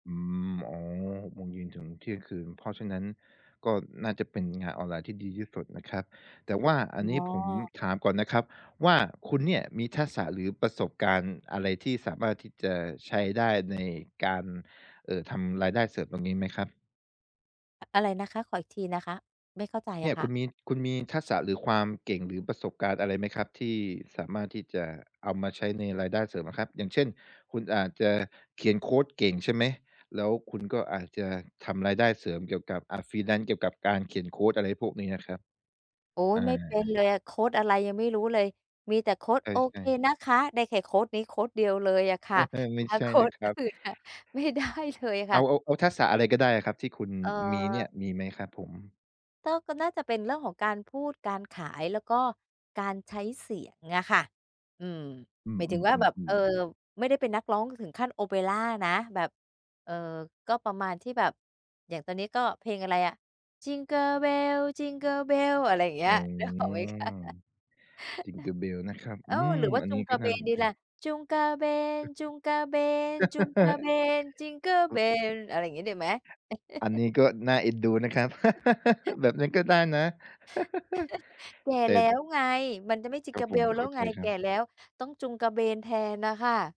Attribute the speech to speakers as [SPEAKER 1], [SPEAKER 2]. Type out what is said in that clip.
[SPEAKER 1] อืม อ๋อ 6 โมงเย็นถึง เที่ยงคืน เพราะฉะนั้นก็น่าจะเป็น งานออนไลน์ที่ดีที่สุดนะครับ แต่ว่าอ
[SPEAKER 2] อ
[SPEAKER 1] ันนี้
[SPEAKER 2] ๋
[SPEAKER 1] ผม
[SPEAKER 2] อ
[SPEAKER 1] ถามก่อนนะครับ ว่า คุณเนี่ยมีทักษะ หรือประสบการณ์อะไรที่สามารถที่จะใช้ได้ ในการ เอ่อ ทำรายได้เสริม ตรงนี้ไหมครับ?
[SPEAKER 2] อะไรนะคะ? ขออีกทีนะคะ ไม่เข้าใจ
[SPEAKER 1] เน
[SPEAKER 2] อ
[SPEAKER 1] ี่ย
[SPEAKER 2] ะค
[SPEAKER 1] ค
[SPEAKER 2] ่
[SPEAKER 1] ุ
[SPEAKER 2] ะ
[SPEAKER 1] ณมี คุณมี ทักษะ หรือความเก่ง หรือประสบการณ์อะไรไหม ครับที่สามารถที่จะเอามาใช้ในรายได้เสริมอะครับ อย่างเช่น คุณอาจจะ เขียนโคดเก่งใช่ไหม แล้วคุณ ก็อาจจะทำรายได้เสริมเกี่ยวกับ อา freelance เกี่ยวกับการเขียนโคด อะไรพวกนี้อะครับ
[SPEAKER 2] โอ๊ย
[SPEAKER 1] อ
[SPEAKER 2] ไม่ เป็น
[SPEAKER 1] า
[SPEAKER 2] เลยอะ โคดอะไรยังไม่รู้เลย มีแต่โคด
[SPEAKER 1] เออ
[SPEAKER 2] "โอ
[SPEAKER 1] ใช
[SPEAKER 2] เค
[SPEAKER 1] ่
[SPEAKER 2] นะคะ" ได้แค่โคดนี้โคดเดียวเลยอะค
[SPEAKER 1] เอ
[SPEAKER 2] ่ะ
[SPEAKER 1] อ ไม่
[SPEAKER 2] ถ้า
[SPEAKER 1] ใช่
[SPEAKER 2] โค
[SPEAKER 1] นะ
[SPEAKER 2] ด
[SPEAKER 1] คร
[SPEAKER 2] อ
[SPEAKER 1] ับ
[SPEAKER 2] ื่นนะ ไม่ได้ เทยค
[SPEAKER 1] เอ
[SPEAKER 2] ่
[SPEAKER 1] า
[SPEAKER 2] ะ
[SPEAKER 1] อ เอาทักษะ อะไรก็ได้อะครับที่คุณ
[SPEAKER 2] เอ่
[SPEAKER 1] มีเนี่
[SPEAKER 2] อ
[SPEAKER 1] ย มีไหมครับผม?
[SPEAKER 2] ต้อ ก็น่าจะเป็นเรื่องของการพูดการขาย แล้วก็การใช้เสียงอะค่ะ อืม
[SPEAKER 1] อื
[SPEAKER 2] หมายถึงว่าแบบ เอ
[SPEAKER 1] อ
[SPEAKER 2] อ
[SPEAKER 1] ๆ ๆ ๆ
[SPEAKER 2] ไม่ได้เป็นนักร้องถึงขั้นโอเปรานะ แบบ เอ่อ ก็ประมาณที่แบบ อย่างตอนนี้ก็เพลงอะไรอะ Jingle Bells Jingle Bells อะไรอย่างเงี
[SPEAKER 1] อ
[SPEAKER 2] ้
[SPEAKER 1] ื
[SPEAKER 2] ย นึก ออกไหมคะ
[SPEAKER 1] ม Jingle Bells นะครับ
[SPEAKER 2] โอ
[SPEAKER 1] อื
[SPEAKER 2] ้ ห
[SPEAKER 1] ม
[SPEAKER 2] รือว่า
[SPEAKER 1] อัน
[SPEAKER 2] จุ
[SPEAKER 1] นี้
[SPEAKER 2] งก
[SPEAKER 1] ก
[SPEAKER 2] า
[SPEAKER 1] ็
[SPEAKER 2] เ
[SPEAKER 1] น
[SPEAKER 2] บ
[SPEAKER 1] ่า
[SPEAKER 2] น
[SPEAKER 1] สน
[SPEAKER 2] ดี
[SPEAKER 1] ใจ
[SPEAKER 2] ล่ะ จุงกาเบน ๆ
[SPEAKER 1] ห
[SPEAKER 2] ๆ จิงเกิล
[SPEAKER 1] อ
[SPEAKER 2] เบน อะไรอย่างงี้ดีไหม?
[SPEAKER 1] อันนี้ก็น่าเอ็นดูนะครับ แบบนี้ก็ได้นะ
[SPEAKER 2] แก่
[SPEAKER 1] แต่
[SPEAKER 2] แล้ว ไง มันจะไม่
[SPEAKER 1] ครับ
[SPEAKER 2] Jingle
[SPEAKER 1] ผม
[SPEAKER 2] Bells แ
[SPEAKER 1] เ
[SPEAKER 2] ล
[SPEAKER 1] ข
[SPEAKER 2] ้
[SPEAKER 1] ้
[SPEAKER 2] ว
[SPEAKER 1] าใ
[SPEAKER 2] ไ
[SPEAKER 1] จ
[SPEAKER 2] ง
[SPEAKER 1] ค
[SPEAKER 2] แ
[SPEAKER 1] ร
[SPEAKER 2] ก
[SPEAKER 1] ั
[SPEAKER 2] ่
[SPEAKER 1] บ
[SPEAKER 2] แล้ว ต้องจูงกระเบนแทนน่ะค่ะ